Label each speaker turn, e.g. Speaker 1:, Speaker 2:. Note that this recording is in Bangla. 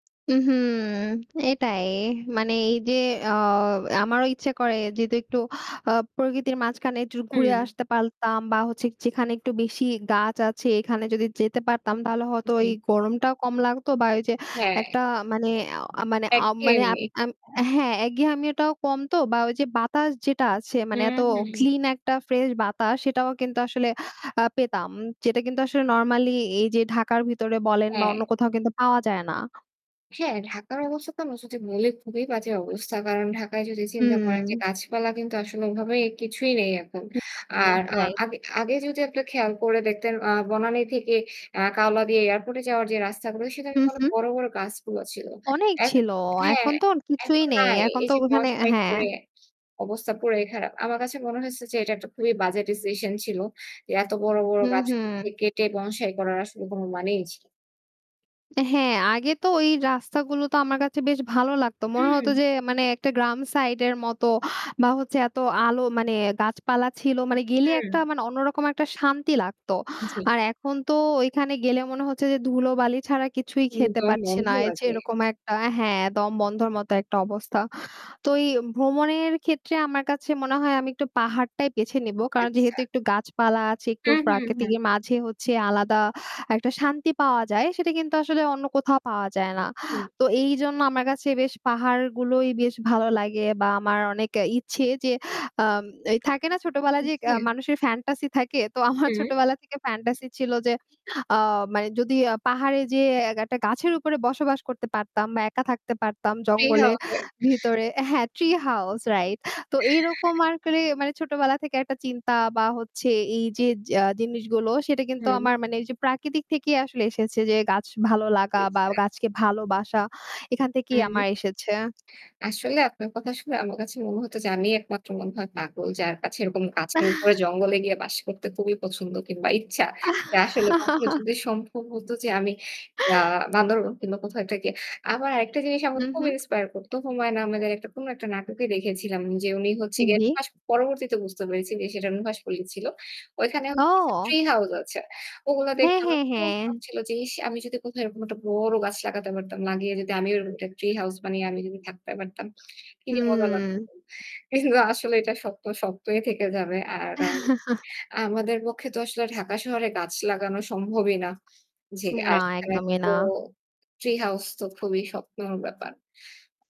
Speaker 1: উ হুম। এটাই মানে এই যে আ আমারও ইচ্ছে করে যেহেতু আ একটু প্রকৃতির মাঝখানে একটু ঘুরে
Speaker 2: হুম।
Speaker 1: আসতে পারতাম বা হচ্ছে যে যেখানে একটু বেশি গাছ আছে এখানে যদি যেতে পারতাম তাহলে হয়তো ওই
Speaker 2: জি।
Speaker 1: গরমটাও কম লাগতো বা ওই যে
Speaker 2: হ্যাঁ।
Speaker 1: একটা মানে আ মানে আ মানে
Speaker 2: একঘেয়েমি।
Speaker 1: হ্যাঁ একঘেয়ামি টাও কম তো বা ওই যে বাতাস যেটা আছে মানে এত
Speaker 2: হুম, হুম।
Speaker 1: ক্লিন একটা ফ্রেশ বাতাস সেটাও কিন্তু আসলে আ পেতাম। যেটা কিন্তু আসলে নরমালি এইযে ঢাকার ভিতরে বলেন বা অন্য
Speaker 2: হ্যাঁ।
Speaker 1: কোথাও কিন্তু পাওয়া যায় না।
Speaker 2: হ্যাঁ, ঢাকার অবস্থা আমরা যদি বলি খুবই বাজে অবস্থা। কারণ ঢাকায় যদি চিন্তা করেন যে
Speaker 1: হুম।
Speaker 2: গাছপালা কিন্তু আসলে ওভাবে কিছুই নেই এখন।
Speaker 1: হুম, জি
Speaker 2: আর
Speaker 1: right.
Speaker 2: আগে আগে যদি আপনি খেয়াল করে দেখতেন আ বনানি থেকে আ কাওলা দিয়ে এয়ারপোর্ট এ যাওয়ার যে রাস্তাগুলো সেখানে
Speaker 1: হুম,
Speaker 2: তো
Speaker 1: হুম।
Speaker 2: বড় বড় গাছগুলো ছিল।
Speaker 1: অনেক
Speaker 2: এ
Speaker 1: ছিল,
Speaker 2: হ্যাঁ।
Speaker 1: এখন তো আর কিছুই
Speaker 2: এখন
Speaker 1: নেই,
Speaker 2: নাই।
Speaker 1: এখন
Speaker 2: এই
Speaker 1: তো
Speaker 2: যে
Speaker 1: ওখানে
Speaker 2: বনসাই
Speaker 1: হ্যাঁ।
Speaker 2: করে অবস্থা পুরাই খারাপ। আমার কাছে মনে হয়েছে যে এটা একটা খুবই বাজে ডিসিশন ছিল। যে এত বড় বড়
Speaker 1: হুম,
Speaker 2: গাছগুলোকে
Speaker 1: হুম।
Speaker 2: কেটে বনসাই করার আসলে কোন মানেই ছিলনা।
Speaker 1: হ্যাঁ। আগে তো ওই রাস্তাগুলো তো আমার কাছে বেশ ভালো লাগতো। মনে হতো
Speaker 2: হুম।
Speaker 1: যে মানে একটা গ্রাম সাইডের মতো বা হচ্ছে এত আলো মানে গাছপালা ছিল মানে গেলে
Speaker 2: হুম।
Speaker 1: একটা মানে অন্যরকম একটা শান্তি লাগতো।
Speaker 2: জি।
Speaker 1: আর এখন তো ওইখানে গেলে মনে হচ্ছে যে ধুলোবালি ছাড়া কিছুই
Speaker 2: হুম।
Speaker 1: খেতে
Speaker 2: দম
Speaker 1: পারছি
Speaker 2: বন্ধ
Speaker 1: না। যে
Speaker 2: লাগে।
Speaker 1: এরকম একটা হ্যাঁ, দমবন্ধর মতো একটা অবস্থা। তো এই ভ্রমণের ক্ষেত্রে আমার কাছে মনে হয় আমি একটু পাহাড়টাই বেছে নেবো। কারণ
Speaker 2: আচ্ছা।
Speaker 1: যেহেতু একটু গাছপালা আছে একটু
Speaker 2: হুম, হুম, হুম।
Speaker 1: প্রাকৃতিকের মাঝে হচ্ছে আলাদা একটা শান্তি পাওয়া যায়। সেটা কিন্তু আসলে অন্য কোথাও পাওয়া যায় না।
Speaker 2: হুম।
Speaker 1: তো এইজন্য আমার কাছে বেশ পাহাড়গুলোই বেশ ভালো লাগে বা আমার অনেক ইচ্ছে যে আ থাকে না ছোটোবেলায়
Speaker 2: উ
Speaker 1: যে
Speaker 2: হুম।
Speaker 1: মানুষের ফ্যান্টাসি থাকে। তো আমার
Speaker 2: হুম।
Speaker 1: ছোটোবেলা থেকে ফ্যান্টাসি ছিল যে আ মানে যদি পাহাড়ে যে একটা গাছের উপরে বসবাস করতে পারতাম। বা একা থাকতে পারতাম
Speaker 2: tree house
Speaker 1: জঙ্গলের
Speaker 2: right.
Speaker 1: ভিতরে হ্যাঁ, tree house right। তো এরকম আরকি মানে ছোটবেলা থেকে একটা চিন্তা বা হচ্ছে এই যে আ জিনিসগুলো সেটা কিন্তু
Speaker 2: হুম।
Speaker 1: আমার মানে এই যে প্রাকৃতিক থেকেই আসলে এসেছে। যে গাছ ভালো লাগা বা
Speaker 2: আচ্ছা।
Speaker 1: গাছকে ভালোবাসা এখান
Speaker 2: হু,
Speaker 1: থেকেই
Speaker 2: হু।
Speaker 1: আমার এসেছে।
Speaker 2: আসলে আপনার কথা শুনে আমার কাছে মনে হতো যে আমিই একমাত্র মনে হয় পাগল যার কাছে এরকম গাছের উপরে জঙ্গলে গিয়ে বাস করতে খুবই পছন্দ কিংবা ইচ্ছা। যে আসলে কখনো যদি সম্ভব হত যে আমি আ বান্দরবন কিংবা কোথাও একটা গিয়ে আবার আরেকটা জিনিস আমার
Speaker 1: হুম,
Speaker 2: খুব
Speaker 1: হুম।
Speaker 2: ইন্সপায়ার করতো। হুমায়ুন আহমেদের কোন একটা নাটকে দেখেছিলাম যে উনি হচ্ছে
Speaker 1: হুম,
Speaker 2: গিয়ে
Speaker 1: জি।
Speaker 2: নুহাস পরবর্তীতে বুঝতে পেরেছি যে সেটা নুহাশপল্লি ছিল। ওইখানে হচ্ছে গিয়ে
Speaker 1: ও।
Speaker 2: ট্রি হাউস আছে। ওগুলো দেখে
Speaker 1: হ্যাঁ,
Speaker 2: আমার
Speaker 1: হ্যাঁ,
Speaker 2: খুব
Speaker 1: হ্যাঁ।
Speaker 2: শখ ছিল যে ইস আমি যদি কোথাও এরকম একটা বড় গাছ লাগাতে পারতাম। লাগিয়ে যদি আমিও এরকম একটা ট্রি হাউস বানিয়ে আমি থাকতে পারতাম। কি যে মজা লাগতো।
Speaker 1: হুম।
Speaker 2: কিন্তু আসলে এটা স্বপ্ন স্বপ্নই থেকে যাবে। আর আমাদের পক্ষে তো আসলে ঢাকা শহরে গাছ লাগানো সম্ভবই না। জি। আর
Speaker 1: না,
Speaker 2: সেখানে
Speaker 1: একদমই
Speaker 2: তো
Speaker 1: না।
Speaker 2: ট্রি হাউস তো খুবই স্বপ্নর ব্যাপার।